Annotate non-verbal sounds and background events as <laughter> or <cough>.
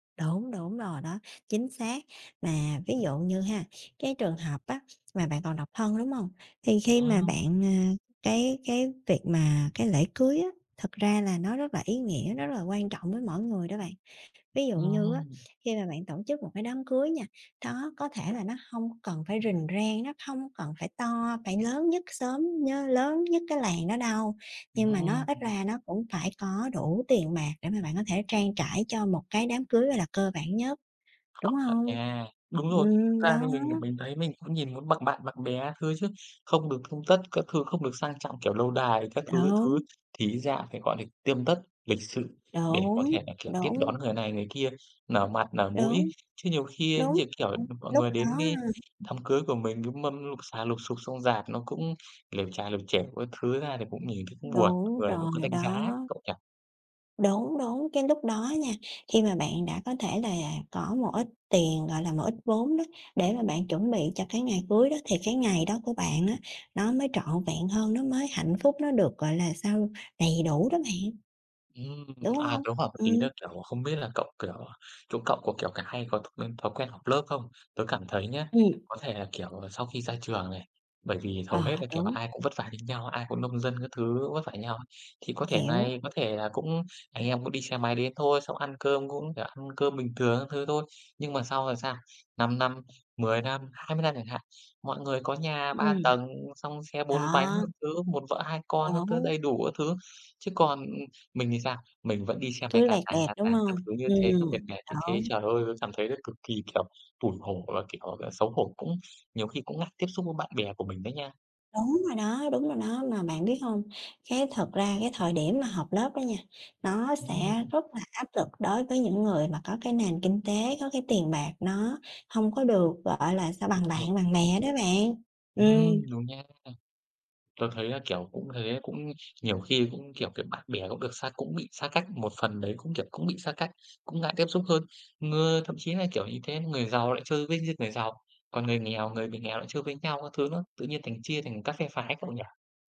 Đúng, đúng rồi đó, chính xác. Mà ví dụ như ha, cái trường hợp á mà bạn còn độc thân, đúng hông? Thì khi mà Ờ. bạn, à, cái cái việc mà cái lễ cưới á, thực ra là nó rất là ý nghĩa, nó rất là quan trọng với mỗi người đó bạn. Ví dụ như á, Ừm. khi mà bạn tổ chức một cái đám cưới nha, đó có thể là nó hông cần phải rình rang, nó không cần phải to phải lớn nhất xóm, nhớ lớn nhất cái làng đó đâu. Ừm, Nhưng mà nó ít ừm. ra nó cũng phải có đủ tiền bạc để mà bạn có thể trang trải cho một cái đám cưới, gọi là, cơ bản nhất, Có đúng thể hông? nha, đúng rồi, Ừm, thực ra thì đó. mình thì mình thấy, mình cũng nhìn muốn bằng bạn bằng bè các thứ chứ. Không được tươm tất các thứ, không được sang trọng, kiểu, lâu đài các thứ, các thứ, Đúng. thì ít ra phải, gọi là, tươm tất lịch sự để có Đúng, thể là, kiểu, tiếp đúng. đón người này người kia, nở mặt nở mũi. Đúng. Chứ nhiều khi, Đúng như kiểu là, rồi, mọi lúc người đến đó cái ha đám cưới của mình, cái mâm lụp xà lụp xụp, xong rạp nó cũng lởm chà lởm chởm các thứ ra thì cũng <unintelligible> nhìn thì cũng buồn, mọi Đúng người họ cũng rồi đánh đó. giá cậu nhỉ? Đúng, đúng, cái lúc đó nha, khi mà bạn đã có thể là có một ít tiền, gọi là, một ít vốn đó để mà bạn chuẩn bị cho cái ngày cưới đó thì cái ngày đó của bạn á nó mới trọn vẹn hơn, nó mới hạnh phúc nó được, gọi là, sao đầy đủ đó bạn. Ừm, Đúng à, hông? tớ hỏi một tí Ừm. là, kiểu, không biết là cậu, kiểu, chỗ cậu có, kiểu, cái hay có thói quen thói quen họp lớp không? Tớ cảm thấy nhá, Ừm. có thể là, kiểu, ờ, sau khi ra trường này, bởi vì hầu hết Ờ, là, kiểu là, đúng. ai cũng vất vả như nhau á, ai cũng nông dân các thứ vất vả như nhau á. Thì có thể Hiểu. này có thể là cũng anh em cũng đi xe máy đến thôi, xong ăn cơm cũng, kiểu, ăn cơm bình thường các thứ thôi. Nhưng mà sau rồi sao? 5 năm, 10 năm, 20 năm chẳng hạn, mọi người có nhà 3 Ừm. tầng, xong xe 4 bánh Đó. các thứ, 1 vợ 2 con các thứ, Đúng. đầy đủ các thứ. Chứ còn, ừm, mình thì sao? Mình vẫn đi xe máy Cứ cà lẹt tàng đẹt, cà đúng tàng các hông? thứ như thế, nó Ừm, mệt mệt như thế. đúng. Trời ơi, tớ cảm thấy là cực kỳ, kiểu, tủi hổ và, kiểu, gọi là, xấu hổ, cũng nhiều khi cũng ngại tiếp xúc với bạn bè của mình đấy nha. Đúng rồi đó, đúng rồi đó, mà bạn biết hông? Cái thực ra cái thời điểm mà họp lớp đó nha, nó Ừm sẽ hưm. rất là áp lực đối với những người mà có cái nền kinh tế, có cái tiền bạc nó hông có được, gọi là sao, Đúng bằng rồi. bạn bằng bè đó bạn. Ừm, Ừm. đúng nha. Tớ thấy là, kiểu, cũng thế, cũng nhiều khi cũng, kiểu, kiểu bạn bè cũng được xa cũng bị xa cách, một phần đấy cũng, kiểu, cũng bị xa cách, cũng ngại tiếp xúc hơn. Người thậm chí là, kiểu, những cái người giàu lại chơi với những người giàu, còn người nghèo người bị nghèo lại chơi với nhau các thứ nữa. Tự nhiên thành chia thành các phe phái cậu nhỉ?